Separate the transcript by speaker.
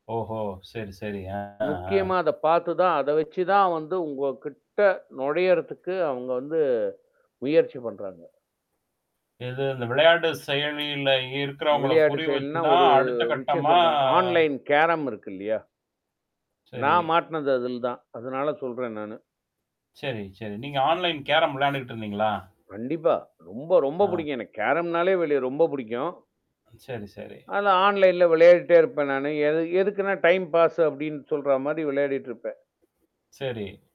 Speaker 1: ஓஹோ! சரி, சரி. அ ஆ.
Speaker 2: முக்கியமா அத பார்த்து தான் அத வச்சு தான் வந்து உங்க கிட்ட நுழையறதுக்கு அவங்க வந்து முயற்சி பண்றாங்க.
Speaker 1: இது இந்த விளையாட்டு செயலியில இருக்கிறவங்கள
Speaker 2: விளையாட்டு
Speaker 1: குறி வச்சு
Speaker 2: செயல்னா
Speaker 1: தான்
Speaker 2: ஒரு
Speaker 1: அடுத்த
Speaker 2: விஷயம்
Speaker 1: கட்டமா
Speaker 2: சொல்றேன். ஆன்லைன் கேரம் இருக்கு இல்லையா?
Speaker 1: சரி.
Speaker 2: நான் மாட்னது அதில தான். அதனால சொல்றேன் நானு.
Speaker 1: சரி, சரி. நீங்க ஆன்லைன் கேரம் விளையாண்டுகிட்டு இருந்தீங்களா?
Speaker 2: கண்டிப்பா. ரொம்ப ரொம்ப
Speaker 1: ஆ.
Speaker 2: புிடிக்கும். எனக்கு கேரம்னாலே வெளி ரொம்ப பிடிக்கும்.
Speaker 1: சரி, சரி.
Speaker 2: அத ஆன்லைன்ல விளையாடிட்டே இருப்பேன் நானு. எது எதுக்குன்னா டைம் பாஸ் அப்டின்னு சொல்ற மாரி விளையாடிட்டு இருப்பேன்.
Speaker 1: சரி.